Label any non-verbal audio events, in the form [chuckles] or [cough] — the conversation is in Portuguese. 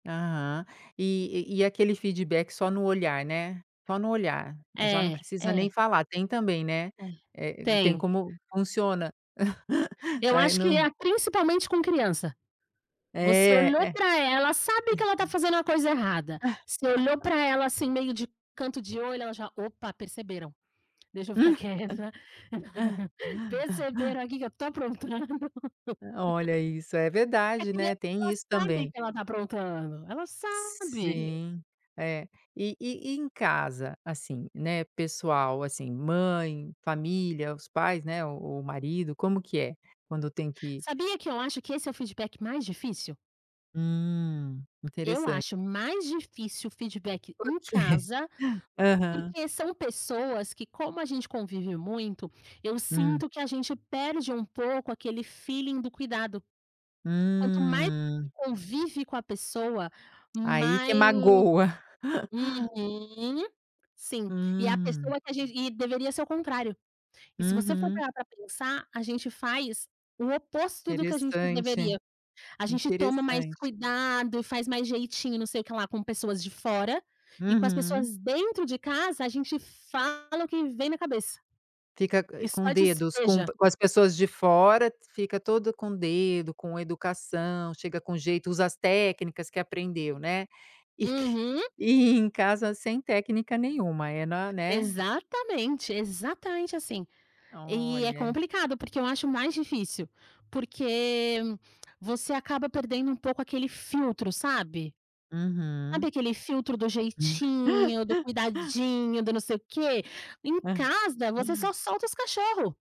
Aham. E e e aquele feedback só no olhar, né, só no olhar, já não É. precisa nem é. falar, tem também, né, Te eh, tem. tem como funciona. [chuckles] Eu Aí acho que no é a principalmente com criança. Você É, olhou é. para ela sabe que ela tá [unintelligible] fazendo a coisa errada. Você olhou [laughs] para ela assim meio de canto de olho ela já: "Opa perceberam, deixa eu ficar quieta. [laughs] Perceberam aqui que eu estou aprontando". [laughs] Olha isso é A verdade, né, criança tem ela isso sabe também. que ela está aprontando, ela sabe. Sim, é. E e e em casa, assim, né, pessoal, assim, mãe, família, os pais, né, o o marido, como que é? Quando tem que Sabia que eu acho que esse é o feedback mais difícil? Hum, Eu interessante. acho mais difícil feedback em Porque? casa, Aham. porque são pessoas que como a gente convive muito, eu Hum. sinto que a gente perde um pouco aquele felling do cuidado, quanto mais Hum. convive com a pessoa, Aí que mas magoa. [laughs] uhum. Sim, e a Hum. pessoa que a gente e deveria ser o contrário, e se você for Uhum. parar para pensar, a gente faz o oposto do que a gente Interessante, deveria, a gente toma mais interessante. cuidado e faz mais jeitinho não sei o que lá com pessoas de fora, e com as Uhum. pessoas dentro de casa a gente fala o que vem na cabeça. Fica, eh, E com só dedos com despeja. com as pessoas de fora, fica todo com dedo, com educação, chega com jeito, usa as técnicas que aprendeu, né, e que, Uhum. e em casa sem técnica nenhuma, é na né. Exatamente, exatamente assim, e é Olha. complicado, porque eu acho mais difícil. Porque você acaba perdendo um pouco aquele filtro, sabe Uhum. sabe, aquele filtro do jeitinho, do [laughs] cuidadinho, do não sei o quê. Em casa, você só [unintelligible] solta os cachorro.